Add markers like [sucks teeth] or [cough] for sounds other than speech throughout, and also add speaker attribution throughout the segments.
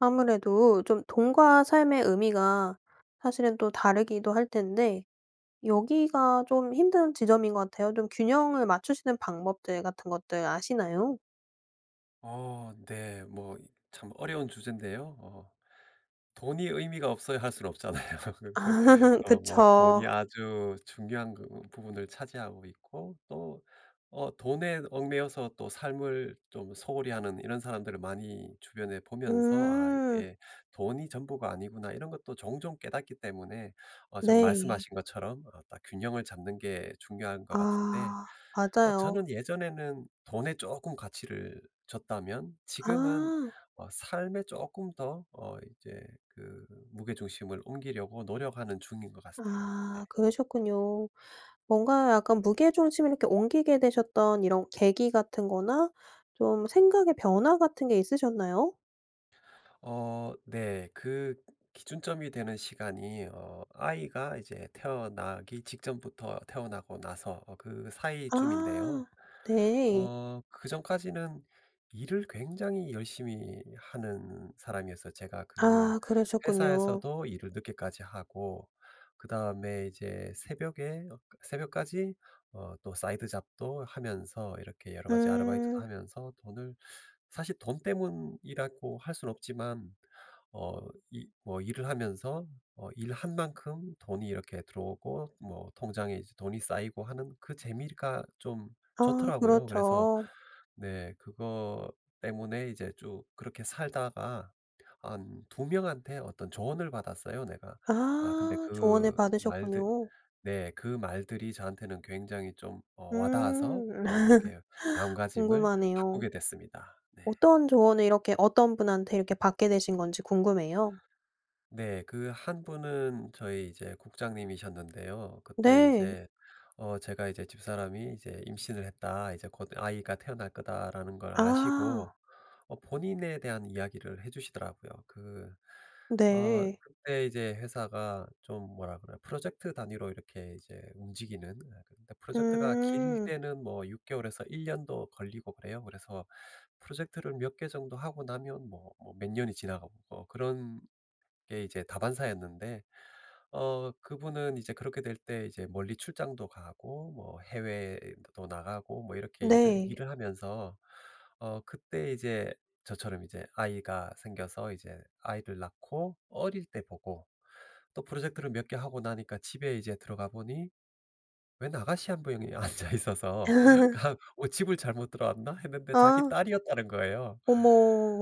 Speaker 1: 아무래도 좀 돈과 삶의 의미가 사실은 또 다르기도 할 텐데 여기가 좀 힘든 지점인 것 같아요. 좀 균형을 맞추시는 방법들 같은 것들 아시나요?
Speaker 2: 어 네. 뭐 이 참 어려운 주제인데요. 어 돈이 의미가 없어야 할 순 없잖아요. [laughs] 그 그
Speaker 1: [laughs]
Speaker 2: 어 뭐
Speaker 1: 그쵸.
Speaker 2: 돈이 아주 중요한 그 부분을 차지하고 있고 또 어 돈에 얽매여서 또 삶을 좀 소홀히 하는 이런 사람들을 많이 주변에 보면서 아
Speaker 1: 음.
Speaker 2: '이게 돈이 전부가 아니구나.' 이런 것도 종종 깨닫기 때문에 어 지금
Speaker 1: 네.
Speaker 2: 말씀하신 것처럼 어 딱 균형을 잡는 게 중요한 것 같은데
Speaker 1: 아
Speaker 2: 어
Speaker 1: 맞아요.
Speaker 2: 저는 예전에는 돈에 쪼끔 가치를 줬다면 지금은
Speaker 1: 아.
Speaker 2: 어 삶에 쪼끔 더 어 이제 그 무게 중심을 옮기려고 노력하는 중인 것 같아요. 네.
Speaker 1: 아 그러셨군요. 뭔가 약간 무게 중심을 이렇게 옮기게 되셨던 이런 계기 같은 거나 좀 생각의 변화 같은 게 있으셨나요?
Speaker 2: 어 네. 그 기준점이 되는 시간이 어 아이가 이제 태어나기 직전부터 태어나고 나서 어 그사이쯤인데요.
Speaker 1: 아. 네.
Speaker 2: 어 그 전까지는 일을 굉장히 열심히 하는 사람이었어요. 제가 그
Speaker 1: 아 그러셨군요.
Speaker 2: 회사에서도 일을 늦게까지 하고 그다음에 이제 새벽에 어 새벽까지 어 또 사이드 잡도 하면서 이렇게 여러 가지 아르바이트도
Speaker 1: 음.
Speaker 2: 하면서 돈을 사실 돈 때문이라고 할 순 없지만 어 이 뭐 일을 하면서 아 일 한 만큼 돈이 이렇게 들어오고 뭐 통장에 이제 돈이 쌓이고 하는 그 재미가 좀
Speaker 1: 아
Speaker 2: 좋더라고요. 그래서
Speaker 1: 그렇죠.
Speaker 2: 네 그거 때문에 이제 쭉 그렇게 살다가 한 2 명한테 어떤 조언을 받았어요, 내가.
Speaker 1: 아.
Speaker 2: 아 근데
Speaker 1: 조언을
Speaker 2: 그 말들
Speaker 1: 받으셨군요.
Speaker 2: 네 그 말들이 저한테는 굉장히 좀 어 와 닿아서
Speaker 1: 음.
Speaker 2: 어 그렇게
Speaker 1: [laughs]
Speaker 2: 마음가짐을
Speaker 1: 궁금하네요.
Speaker 2: 바꾸게 됐습니다. 네.
Speaker 1: 어떤 조언을 이렇게 어떤 분한테 이렇게 받게 되신 건지 궁금해요.
Speaker 2: 네, 그 1 분은 저희 이제 국장님이셨는데요. 그때
Speaker 1: 네.
Speaker 2: 이제 어 제가 이제 "집사람이 이제 임신을 했다. 이제 곧 아이가 태어날 거다."라는 걸 아시고
Speaker 1: 아.
Speaker 2: 어 본인에 대한 이야기를 해주시더라고요. 그 어
Speaker 1: 네.
Speaker 2: 그때 이제 회사가 좀 뭐라 그래 프로젝트 단위로 이렇게 움직이는 예 그러니까 프로젝트가 길
Speaker 1: 음.
Speaker 2: 때는 뭐 6 개월에서 1 년도 걸리고 그래요. 그래서 프로젝트를 몇 개 정도 하고 나면 뭐 뭐 몇 년이 지나가고 어 그런 게 이제 다반사였는데 어 그분은 이제 그렇게 될 때 이제 멀리 출장도 가고 뭐 해외도 나가고 뭐 이렇게 일을
Speaker 1: 네.
Speaker 2: 일을 하면서 어 그때 이제 저처럼 이제 아이가 생겨서 이제 아이를 낳고 어릴 때 보고 또 프로젝트를 몇 개 하고 나니까 집에 이제 들어가 보니 웬 아가씨 1 분이 앉아 있어서
Speaker 1: [laughs]
Speaker 2: 그냥 '어 집을 잘못 들어왔나?' 했는데 자기
Speaker 1: 아.
Speaker 2: 딸이었다는 거예요.
Speaker 1: 어머.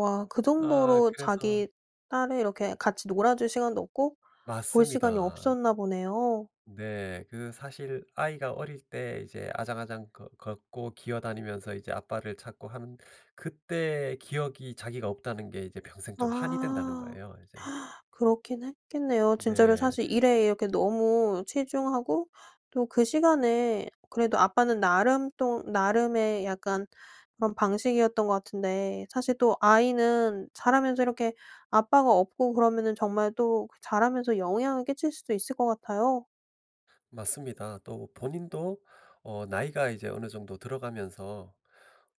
Speaker 1: 와 그
Speaker 2: 아
Speaker 1: 정도로
Speaker 2: 그래서
Speaker 1: 자기 딸을 이렇게 같이 놀아줄 시간도 없고 볼 시간이
Speaker 2: 맞습니다.
Speaker 1: 없었나 보네요.
Speaker 2: 네. 그 사실 아이가 어릴 때 이제 아장아장 거 걷고 기어다니면서 이제 아빠를 찾고 하는 그때 기억이 자기가 없다는 게 이제 평생 좀 한이 된다는
Speaker 1: 아.
Speaker 2: 거예요, 이제.
Speaker 1: [gasps] 그렇긴 했겠네요. 진짜로
Speaker 2: 네.
Speaker 1: 사실 일에 이렇게 너무 치중하고 또 그 시간에 그래도 아빠는 나름 또 나름의 약간 그런 방식이었던 것 같은데 사실 또 아이는 자라면서 이렇게 아빠가 없고 그러면은 정말 또 그 자라면서 영향을 끼칠 수도 있을 것 같아요.
Speaker 2: 맞습니다. 또 본인도 어 나이가 이제 어느 정도 들어가면서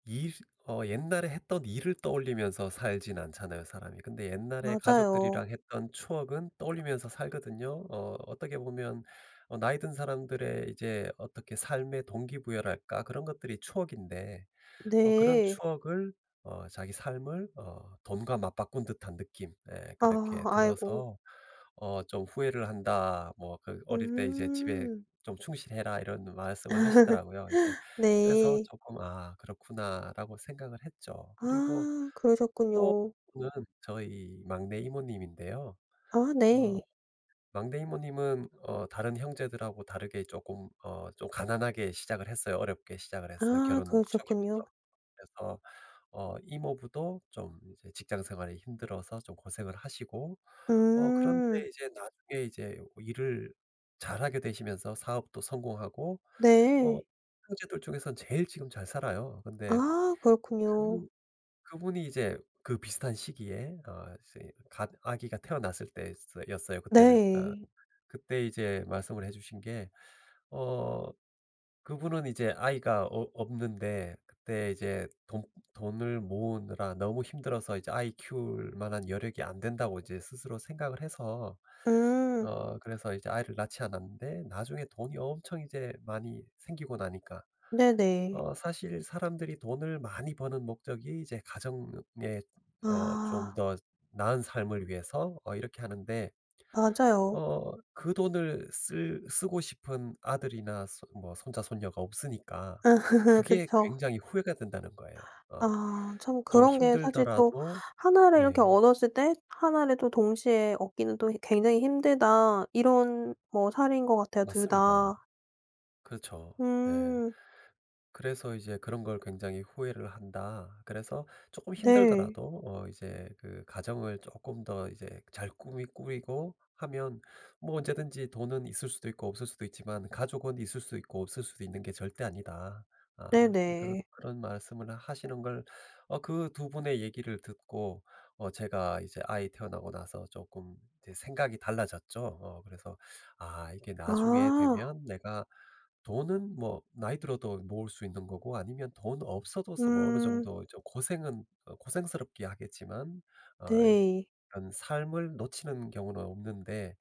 Speaker 2: 일 어 옛날에 했던 일을 떠올리면서 살진 않잖아요, 사람이. 근데 옛날에 가족들이랑
Speaker 1: 맞아요.
Speaker 2: 했던 추억은 떠올리면서 살거든요. 어 어떻게 보면 어 나이 든 사람들의 이제 어떻게 삶의 동기부여랄까 그런 것들이 추억인데 어 그런
Speaker 1: 네.
Speaker 2: 추억을 어 자기 삶을 어 돈과 맞바꾼 듯한 느낌 예
Speaker 1: 아
Speaker 2: 그렇게
Speaker 1: 아이고.
Speaker 2: 들어서 어 좀 "후회를 한다. 뭐 그 어릴 때 이제 집에
Speaker 1: 음.
Speaker 2: 좀 충실해라." 이런 말씀을 하시더라고요. 이제
Speaker 1: [laughs]
Speaker 2: 그래서
Speaker 1: 네.
Speaker 2: 쪼끔 '아 그렇구나.'라고 생각을 했죠. 그리고
Speaker 1: 아 그러셨군요.
Speaker 2: 또 [unintelligible] 는 저희 막내 이모님인데요.
Speaker 1: 아
Speaker 2: 어
Speaker 1: 네.
Speaker 2: 막내 이모님은 어 다른 형제들하고 다르게 쪼끔 어 좀 가난하게 시작을 했어요. 어렵게 시작을 했어요
Speaker 1: 아
Speaker 2: 결혼 초기부터.
Speaker 1: 그러셨군요.
Speaker 2: 그래서 어 이모부도 좀 이제 직장 생활이 힘들어서 좀 고생을 하시고 어
Speaker 1: 음.
Speaker 2: 그런데 이제 나중에 이제 일을 잘 하게 되시면서 사업도 성공하고 어
Speaker 1: 네.
Speaker 2: 형제들 중에서 제일 지금 잘 살아요. 근데
Speaker 1: 아 그렇군요.
Speaker 2: 그 그분이 이제 그 비슷한 시기에 어 이제 갓 아기가 태어났을 때 스 였어요 그때는. 어
Speaker 1: 네.
Speaker 2: 그때 이제 말씀을 해 주신 게 어 그분은 이제 아이가 없 없는데 그때 이제 돈 돈을 모으느라 너무 힘들어서 이제 아이 키울 만한 여력이 안 된다고 이제 스스로 생각을 해서
Speaker 1: 음.
Speaker 2: 어 그래서 이제 아이를 낳지 않았는데 나중에 돈이 엄청 이제 많이 생기고 나니까
Speaker 1: 네네.
Speaker 2: 어 사실 사람들이 돈을 많이 버는 목적이 이제 가정에 어 좀
Speaker 1: 아.
Speaker 2: 더 나은 삶을 위해서 어 이렇게 하는데
Speaker 1: 맞아요.
Speaker 2: 어 그 돈을 쓸 쓰고 싶은 아들이나 손 뭐 손자 손녀가 없으니까
Speaker 1: 아
Speaker 2: 그게
Speaker 1: 그쵸.
Speaker 2: 굉장히 후회가 된다는 거에요. 어
Speaker 1: 아 참
Speaker 2: 좀
Speaker 1: 그런 게 사실 또
Speaker 2: 힘들더라도
Speaker 1: '1 를 이렇게
Speaker 2: 네.
Speaker 1: 얻었을 때 1 를 또 동시에 얻기는 또 이 굉장히 힘들다.' 이런 뭐 사례인 것 같아요 2
Speaker 2: 맞습니다.
Speaker 1: 다.
Speaker 2: 그렇죠. 네.
Speaker 1: 음.
Speaker 2: 그래서 이제 "그런 걸 굉장히 후회를 한다. 그래서 쪼끔
Speaker 1: 네.
Speaker 2: 힘들더라도 어 이제 그 가정을 쪼끔 더 이제 잘 꾸미 꾸리고 하면 뭐 언제든지 돈은 있을 수도 있고 없을 수도 있지만 가족은 있을 수 있고 없을 수도 있는 게 절대 아니다." 어 그런
Speaker 1: 네네.
Speaker 2: 그런 말씀을 하시는 걸 어 그 2 분의 얘기를 듣고 어 제가 이제 아이 태어나고 나서 쪼끔 이제 생각이 달라졌죠. 어 그래서 '아 이게 나중에
Speaker 1: 아.
Speaker 2: 되면 내가 돈은 뭐 나이 들어도 모을 수 있는 거고 아니면 돈 없어도 서 뭐 어느
Speaker 1: 음.
Speaker 2: 정도 좀 고생은 어 고생스럽기야 하겠지만 어
Speaker 1: 네.
Speaker 2: 그런 삶을 놓치는 경우는 없는데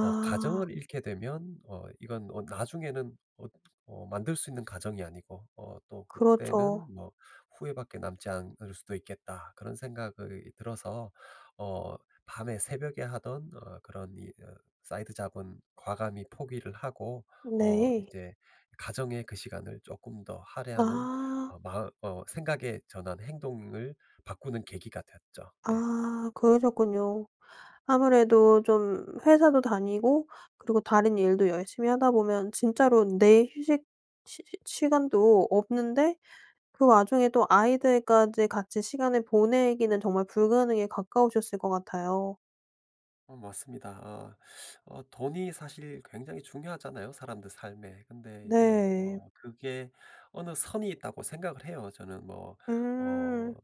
Speaker 2: 어 가정을 잃게 되면 어 이건 어 나중에는 어 어 만들 수 있는 가정이 아니고 어 또 그때는
Speaker 1: 그렇죠.
Speaker 2: 뭐 후회밖에 남지 않을 수도 있겠다.' 그런 생각이 들어서 어 밤에 새벽에 하던 어 그런 이 으 사이드 잡은 과감히 포기를 하고 어
Speaker 1: 네.
Speaker 2: 이제 가정의 그 시간을 쪼끔 더 할애하는
Speaker 1: 아.
Speaker 2: 어 마음 어 생각의 전환 행동을 바꾸는 계기가 됐죠. 네.
Speaker 1: 아 그러셨군요. 아무래도 좀 회사도 다니고 그리고 다른 일도 열심히 하다 보면 진짜로 내 휴식 시 시 시간도 없는데 그 와중에 또 아이들까지 같이 시간을 보내기는 정말 불가능에 가까우셨을 것 같아요.
Speaker 2: 어 맞습니다. 어 [sucks teeth] 어 돈이 사실 굉장히 중요하잖아요, 사람들 삶에. 근데 이제
Speaker 1: 네.
Speaker 2: 어 그게 어느 선이 있다고 생각을 해요, 저는. 뭐 어
Speaker 1: 음.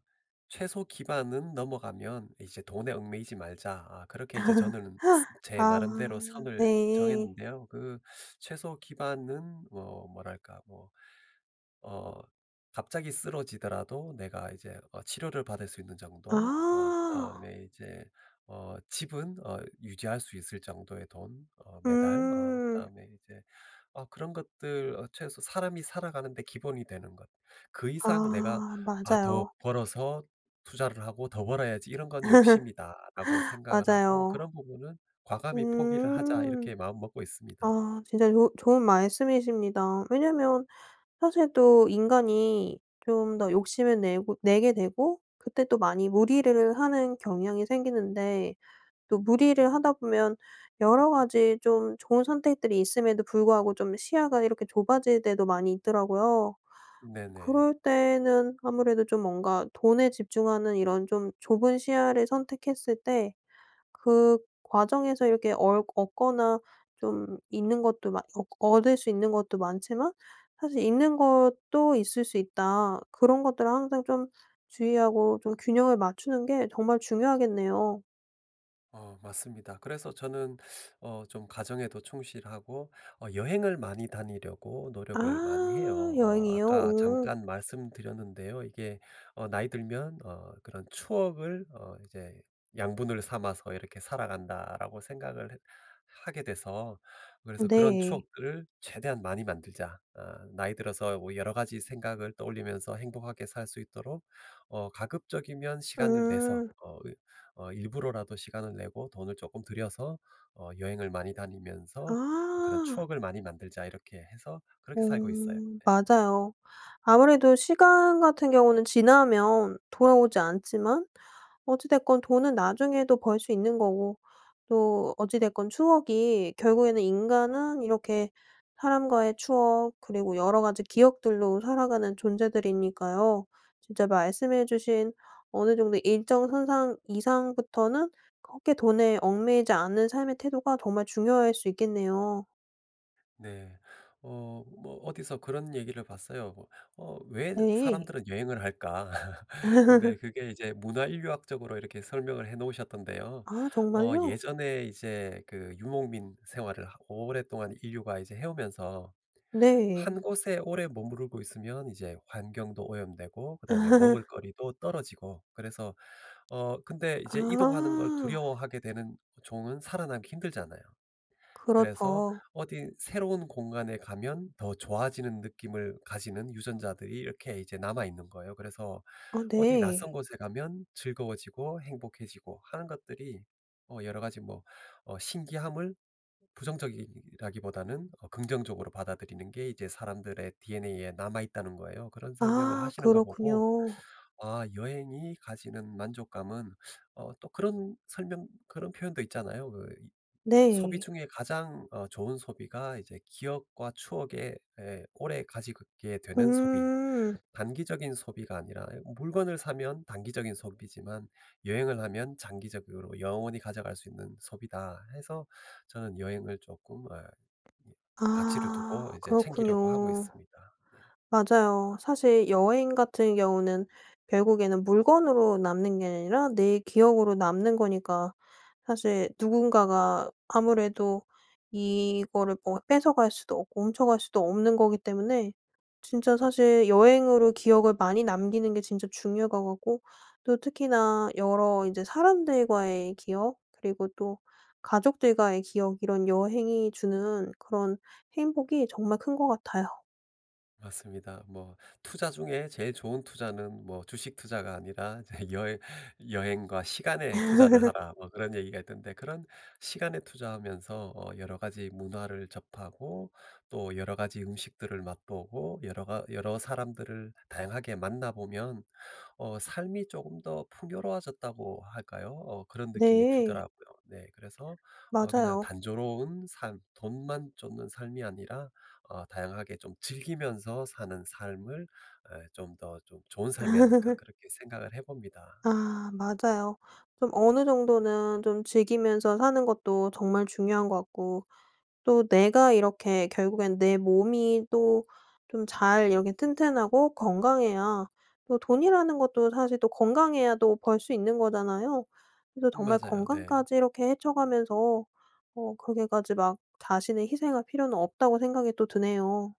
Speaker 2: '최소 기반은 넘어가면 이제 돈에 얽매이지 말자.' 아 그렇게 이제
Speaker 1: [laughs]
Speaker 2: 저는 스 제
Speaker 1: 아,
Speaker 2: 나름대로 선을
Speaker 1: 네.
Speaker 2: 정했는데요. 그 최소 기반은 뭐 뭐랄까 뭐 어 갑자기 쓰러지더라도 내가 이제 어 치료를 받을 수 있는 정도 어
Speaker 1: 아.
Speaker 2: 그다음에 이제 어 집은 어 유지할 수 있을 정도의 돈 어 매달 어
Speaker 1: 음.
Speaker 2: 그다음에 인제 그런 것들 '최소 사람이 살아가는 데 기본이 되는 것 그 이상 내가
Speaker 1: 아
Speaker 2: 아 더
Speaker 1: 맞아요.
Speaker 2: 벌어서 투자를 하고 더 벌어야지 이런 건 욕심이다.'라고
Speaker 1: [laughs]
Speaker 2: 생각을 하고
Speaker 1: 맞아요.
Speaker 2: '그런 부분은 과감히 포기를 하자.'
Speaker 1: 음.
Speaker 2: 이렇게 마음먹고 있습니다.
Speaker 1: 아 진짜 좋 좋은 말씀이십니다. 왜냐하면 사실 또 인간이 좀 더 욕심을 내고 내게 되고 그때 또 많이 무리를 하는 경향이 생기는데 또 무리를 하다 보면 여러 가지 좀 좋은 선택들이 있음에도 불구하고 좀 시야가 이렇게 좁아질 때도 많이 있더라고요.
Speaker 2: 네네.
Speaker 1: 그럴 때에는 아무래도 좀 뭔가 돈에 집중하는 이런 좀 좁은 시야를 선택했을 때 그 과정에서 이렇게 얼 얻거나 좀 잃는 것도 많 얻 얻을 수 있는 것도 많지만 사실 잃는 것도 있을 수 있다. 그런 것들을 항상 좀 주의하고 좀 균형을 맞추는 게 정말 중요하겠네요.
Speaker 2: 어 맞습니다. 그래서 저는 어 좀 가정에도 충실하고 어 여행을 많이 다니려고 노력을 많이
Speaker 1: 아
Speaker 2: 해요. 어
Speaker 1: 여행이요?
Speaker 2: 아까
Speaker 1: 오.
Speaker 2: 잠깐 말씀 드렸는데요. 이게 어 '나이 들면 어 그런 추억을 어 이제 양분을 삼아서 이렇게 살아간다.'라고 생각을 해 하게 돼서 그래서 '그런
Speaker 1: 네.
Speaker 2: 추억들을 최대한 많이 만들자. 어 나이 들어서 뭐 여러 가지 생각을 떠올리면서 행복하게 살 수 있도록 어 가급적이면 시간을 내서
Speaker 1: 음.
Speaker 2: 어 이 어 일부러라도 시간을 내고 돈을 조금 들여서 어 여행을 많이 다니면서 그런
Speaker 1: 아.
Speaker 2: 추억을 많이 만들자.' 이렇게 해서
Speaker 1: 어
Speaker 2: 그렇게 살고 있어요 예.
Speaker 1: 맞아요. 아무래도 시간 같은 경우는 지나면 돌아오지 않지만 어찌 됐건 돈은 나중에도 벌 수 있는 거고 또 어찌 됐건 추억이 결국에는 인간은 이렇게 사람과의 추억 그리고 여러 가지 기억들로 살아가는 존재들이니까요. 진짜 말씀해 주신 어느 정도 일정 선상 이상부터는 그렇게 돈에 얽매이지 않은 삶의 태도가 정말 중요할 수 있겠네요.
Speaker 2: 네. 어 뭐 어디서 그런 얘기를 봤어요. 뭐 어 "왜
Speaker 1: 네.
Speaker 2: 사람들은 여행을 할까." [laughs] 근데
Speaker 1: [laughs]
Speaker 2: 그게 이제 문화 인류학적으로 이렇게 설명을 해 놓으셨던데요.
Speaker 1: 아
Speaker 2: 어
Speaker 1: 정말요?
Speaker 2: 예전에 이제 그 유목민 생활을 하 오랫동안 인류가 이제 해오면서
Speaker 1: 네.
Speaker 2: 1 곳에 오래 머무르고 있으면 이제 환경도 오염되고 그다음에
Speaker 1: [laughs]
Speaker 2: 먹을거리도 떨어지고 그래서 어 근데 이제 이동하는 걸
Speaker 1: 아.
Speaker 2: 두려워하게 되는 종은 살아남기 힘들잖아요. 그래서
Speaker 1: 그렇죠.
Speaker 2: 어디 새로운 공간에 가면 더 좋아지는 느낌을 가지는 유전자들이 이렇게 이제 남아있는 거예요. 그래서
Speaker 1: 아
Speaker 2: 어디 낯선
Speaker 1: 네.
Speaker 2: 곳에 가면 즐거워지고 행복해지고 하는 것들이 어 여러 가지 뭐 어 신기함을 부정적이라기보다는 어 긍정적으로 받아들이는 게 이제 사람들의 DNA에 남아있다는 거예요. 그런 설명을
Speaker 1: 아
Speaker 2: 하시는 걸 보고
Speaker 1: 그렇군요.
Speaker 2: 아 여행이 가지는 만족감은 어 또 그런 설명 그런 표현도 있잖아요. 그 이 소비
Speaker 1: 네.
Speaker 2: 중에 가장 어 좋은 소비가 이제 기억과 추억에 에 오래 가지게 되는 소비.
Speaker 1: 음.
Speaker 2: 단기적인 소비가 아니라 "물건을 사면 단기적인 소비지만 여행을 하면 장기적으로 영원히 가져갈 수 있는 소비다." 해서 저는 여행을 쪼끔 에 이 가치를 두고
Speaker 1: 아
Speaker 2: 이제 챙기려고 하고
Speaker 1: 그렇군요.
Speaker 2: 있습니다. 네.
Speaker 1: 맞아요. 사실 여행 같은 경우는 결국에는 물건으로 남는 게 아니라 내 기억으로 남는 거니까 사실 누군가가 아무래도 이거를 뭐 뺏어갈 수도 없고 훔쳐 갈 수도 없는 거기 때문에 진짜 사실 여행으로 기억을 많이 남기는 게 진짜 중요할 것 같고 또 특히나 여러 이제 사람들과의 기억 그리고 또 가족들과의 기억 이런 여행이 주는 그런 행복이 정말 큰 것 같아요.
Speaker 2: 맞습니다. 뭐 투자 중에 제일 좋은 투자는 뭐 주식 투자가 아니라 이제 여해 "여행과 시간에 투자를
Speaker 1: [laughs]
Speaker 2: 하라." 뭐 그런 얘기가 있던데 그런 시간에 투자하면서 어 여러 가지 문화를 접하고 또 여러 가지 음식들을 맛보고 여러 가 여러 사람들을 다양하게 만나보면 어 삶이 쪼금 더 풍요로워졌다고 할까요? 어 그런 느낌이
Speaker 1: 네.
Speaker 2: 들더라고요. 네 그래서 어 그냥
Speaker 1: 맞아요.
Speaker 2: '단조로운 삶, 돈만 쫓는 삶이 아니라 어 다양하게 좀 즐기면서 사는 삶을 예 좀 더 좀 좋은 삶이 아닐까.'
Speaker 1: [laughs]
Speaker 2: 그렇게 생각을 해 봅니다.
Speaker 1: 아 맞아요. 좀 어느 정도는 좀 즐기면서 사는 것도 정말 중요한 것 같고 또 내가 이렇게 결국엔 내 몸이 또 좀 잘 이렇게 튼튼하고 건강해야 또 돈이라는 것도 사실 또 건강해야 또 벌 수 있는 거잖아요. 그래서
Speaker 2: 음
Speaker 1: 정말
Speaker 2: 맞아요. 네.
Speaker 1: 건강까지 이렇게 해쳐가면서 어 그렇게까지 막 자신의 희생할 필요는 없다고 생각이 또 드네요.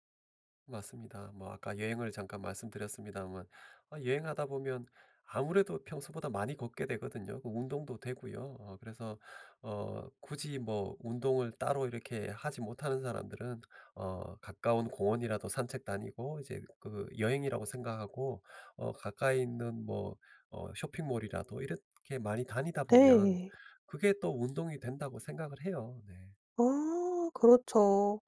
Speaker 2: 맞습니다. 뭐 아까 여행을 잠깐 말씀드렸습니다만 어 여행하다 보면 아무래도 평소보다 많이 걷게 되거든요. 뭐 운동도 되고요. 어 그래서 어 굳이 뭐 운동을 따로 이렇게 하지 못하는 사람들은 어 가까운 공원이라도 산책 다니고 이제 그 여행이라고 생각하고 어 가까이 있는 뭐 어 쇼핑몰이라도 이렇게 많이 다니다 보면
Speaker 1: 네.
Speaker 2: 그게 또 운동이 된다고 생각을 해요. 네.
Speaker 1: 아 그렇죠.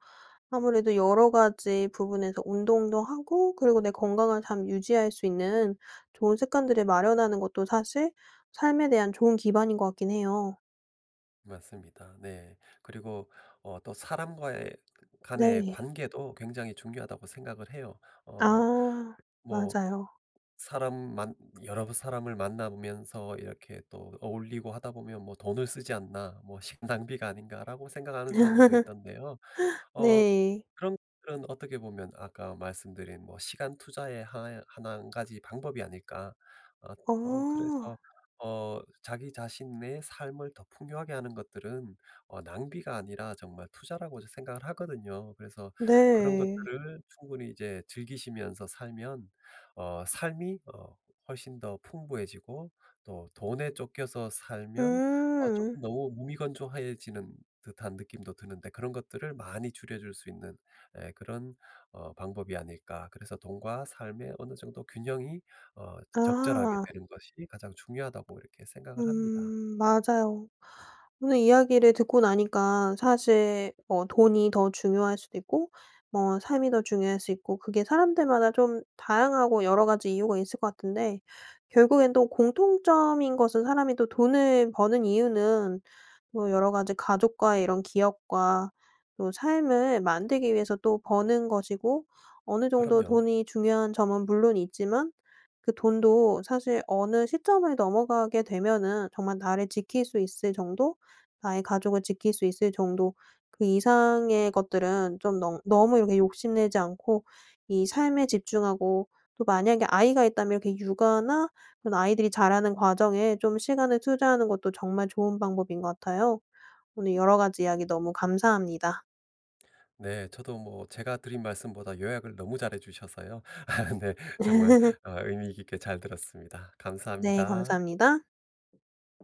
Speaker 1: 아무래도 여러 가지 부분에서 운동도 하고 그리고 내 건강을 잘 유지할 수 있는 좋은 습관들을 마련하는 것도 사실 삶에 대한 좋은 기반인 것 같긴 해요.
Speaker 2: 맞습니다. 네. 그리고 어 또 사람과의 간의
Speaker 1: 네.
Speaker 2: 관계도 굉장히 중요하다고 생각을 해요. 어
Speaker 1: 아
Speaker 2: 뭐
Speaker 1: 맞아요.
Speaker 2: 사람 만 여러 사람을 만나 보면서 이렇게 또 어울리고 하다 보면 뭐 '돈을 쓰지 않나. 뭐 시간 낭비가 아닌가.'라고 생각하는 사람들도 있던데요.
Speaker 1: [laughs]
Speaker 2: 어
Speaker 1: 네.
Speaker 2: 그런 것들은 어떻게 보면 아까 말씀드린 뭐 시간 투자의 하나 1 가지 방법이 아닐까. 어 어
Speaker 1: 어.
Speaker 2: 그래서 어 자기 자신의 삶을 더 풍요하게 하는 것들은 어 낭비가 아니라 정말 투자라고 생각을 하거든요. 그래서 그런
Speaker 1: 네.
Speaker 2: 것들을 충분히 이제 즐기시면서 살면 어 삶이 어 훨씬 더 풍부해지고 또 돈에 쫓겨서 살면 어
Speaker 1: 음.
Speaker 2: 쪼끔 너무 무미건조해지는 듯한 느낌도 드는데 그런 것들을 많이 줄여줄 수 있는 예 그런 어 방법이 아닐까. 그래서 돈과 삶의 어느 정도 균형이 어 적절하게
Speaker 1: 아.
Speaker 2: 되는 것이 가장 중요하다고 이렇게 생각을 합니다.
Speaker 1: 음 맞아요. 오늘 이야기를 듣고 나니까 사실 뭐 돈이 더 중요할 수도 있고 뭐 삶이 더 중요할 수 있고 그게 사람들마다 좀 다양하고 여러 가지 이유가 있을 것 같은데 결국엔 또 공통점인 것은 사람이 또 돈을 버는 이유는 뭐 여러 가지 가족과의 이런 기억과 또 삶을 만들기 위해서 또 버는 것이고 어느 정도
Speaker 2: 그럼요.
Speaker 1: 돈이 중요한 점은 물론 있지만 그 돈도 사실 어느 시점을 넘어가게 되면은 정말 나를 지킬 수 있을 정도 나의 가족을 지킬 수 있을 정도 그 이상의 것들은 좀 너 너무 이렇게 욕심내지 않고 이 삶에 집중하고 또 만약에 아이가 있다면 이렇게 육아나 그런 아이들이 자라는 과정에 좀 시간을 투자하는 것도 정말 좋은 방법인 것 같아요. 오늘 여러 가지 이야기 너무 감사합니다.
Speaker 2: 네. 저도 뭐 제가 드린 말씀보다 요약을 너무 잘 해 주셔서요. 아 네. 정말
Speaker 1: [laughs]
Speaker 2: 어 의미 깊게 잘 들었습니다.
Speaker 1: 네
Speaker 2: 감사합니다.
Speaker 1: 감사합니다.